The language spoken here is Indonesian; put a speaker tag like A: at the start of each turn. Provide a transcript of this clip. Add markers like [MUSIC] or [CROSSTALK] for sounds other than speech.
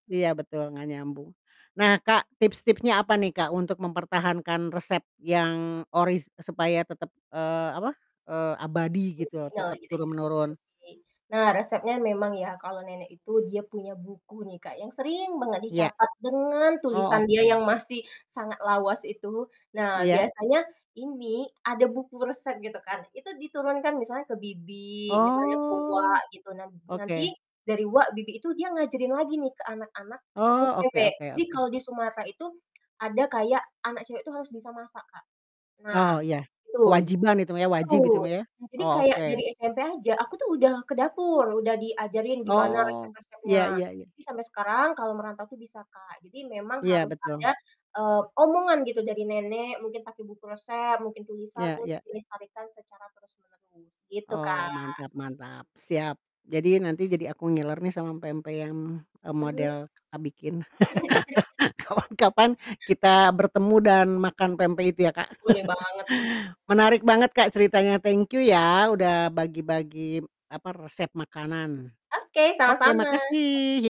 A: Iya betul, gak nyambung. Nah, Kak, tips-tipsnya apa nih Kak, untuk mempertahankan resep yang oris supaya tetap, eee, apa, eee, abadi gitu,
B: Original
A: tetap
B: gitu
A: turun
B: ya.
A: menurun.
B: Jadi nah resepnya memang ya, kalau nenek itu dia punya buku nih Kak, yang sering banget
A: Iya.
B: dicatat dengan
A: Oh,
B: tulisan dia
A: oke.
B: yang masih sangat lawas itu. Nah
A: Iya.
B: biasanya ini ada buku resep gitu kan, itu diturunkan, misalnya ke bibi, misalnya ke uwa
A: Oh.
B: gitu. Nan nanti
A: Oke.
B: dari uwa, bibi, itu dia ngajarin lagi nih ke anak-anak yang
A: Oh, oke
B: cewek.
A: oke
B: Jadi
A: oke.
B: kalau di Sumatera itu, ada kayak anak cewek itu harus bisa masak Kak. Nah
A: Oh iya.
B: betul,
A: Kewajiban itu mah ya, wajib itu
B: betul.
A: mah ya.
B: Jadi
A: Oh,
B: kayak dari
A: oke.
B: SMP aja, aku tuh udah ke dapur udah diajarin gimana
A: Oh, iya
B: resep-resepnya,
A: iya iya.
B: jadi sampai sekarang kalau merantau tuh bisa Kak. Jadi memang
A: Iya,
B: harus ada,
A: betul.
B: eee, omongan gitu dari nenek, mungkin pakai buku resep, mungkin tulisan
A: Iya
B: untuk
A: iya.
B: dilestarikan secara terus-menerus, gitu
A: Oh,
B: Kak.
A: mantap mantap. Siap. Jadi nanti jadi aku ngiler nih sama pempek yang, eee,
B: Eee.
A: model Kakak bikin. [LAUGHS]
B: [CHUCKLES]
A: Kapan-kapan kita bertemu dan makan pempek itu ya Kak.
B: Boleh banget tuh.
A: [CHUCKLES] Menarik banget Kak, ceritanya. Thank you, ya udah bagi-bagi, apa, resep makanan.
B: Oke,
A: Oke,
B: sama-sama.
A: makasih
B: Sam
A: yi